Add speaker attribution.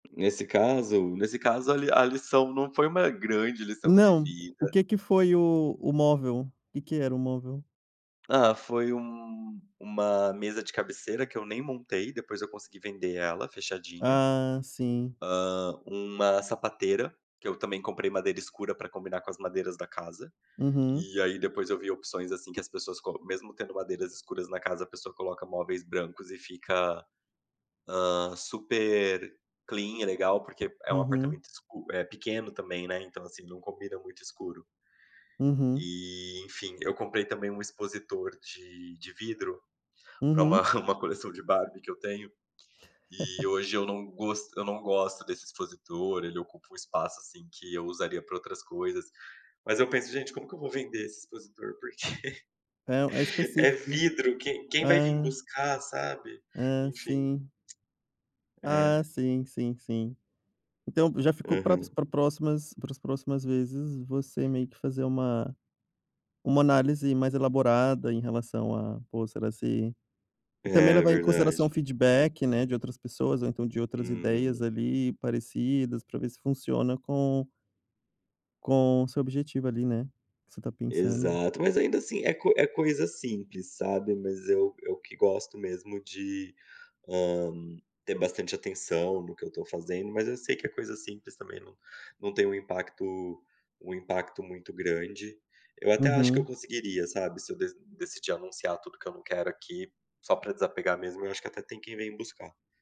Speaker 1: Nesse caso nesse caso a li a lição não foi uma grande lição de
Speaker 2: Não, o
Speaker 1: vida
Speaker 2: que que foi o o móvel? Que que era o móvel?
Speaker 1: Ah, foi um uma mesa de cabeceira, que eu nem montei, depois eu consegui vender ela, fechadinha.
Speaker 2: Ah, sim.
Speaker 1: Hã, uma sapateira, que eu também comprei madeira escura pra combinar com as madeiras da casa.
Speaker 2: Uhum.
Speaker 1: E, aí, depois eu vi opções, assim, que as pessoas co mesmo tendo madeiras escuras na casa, a pessoa coloca móveis brancos e fica, ah, super clean, é legal, porque é um
Speaker 2: Uhum.
Speaker 1: apartamento escu é pequeno também, né, então, assim, não combina muito escuro.
Speaker 2: Uhum.
Speaker 1: E, enfim, eu comprei também um expositor de de vidro, pra
Speaker 2: Uhum
Speaker 1: uma uma coleção de Barbie que eu tenho, e hoje eu não gost eu não gosto desse expositor, ele ocupa um espaço, assim, que eu usaria pra outras coisas. Mas eu penso: "Gente, como que eu vou vender esse expositor?", porque:
Speaker 2: É o é
Speaker 1: é
Speaker 2: específico.
Speaker 1: vidro. Quem quem vai vim
Speaker 2: Hã.
Speaker 1: buscar? Sabe?
Speaker 2: É,
Speaker 1: Enfim.
Speaker 2: sim. Ah,
Speaker 1: É.
Speaker 2: sim, sim, sim. Então já ficou pra s
Speaker 1: Aham.
Speaker 2: pra próximas para as próximas vezes, você meio que fazer uma uma análise mais elaborada em relação a, pô, será se e também
Speaker 1: É,
Speaker 2: levar em consideração o
Speaker 1: verdade.
Speaker 2: feedback, né, de outras pessoas ou então de outras ideias,
Speaker 1: Uhum.
Speaker 2: ali, parecidas pra ver se funciona com com o seu objetivo ali, né, que você tá pensando.
Speaker 1: Exato. Mas ainda, assim, é co é coisa simples, sabe, mas eu eu que gosto mesmo de, hã, ter bastante atenção no que eu tô fazendo, mas eu sei que é coisa simples, também, não não tem um impacto um impacto muito grande. Eu até acho que eu
Speaker 2: Uhum.
Speaker 1: conseguiria, sabe, se eu deci decidi anunciar tudo que eu não quero aqui, só pra desapegar mesmo, eu acho que até tem quem vem buscar.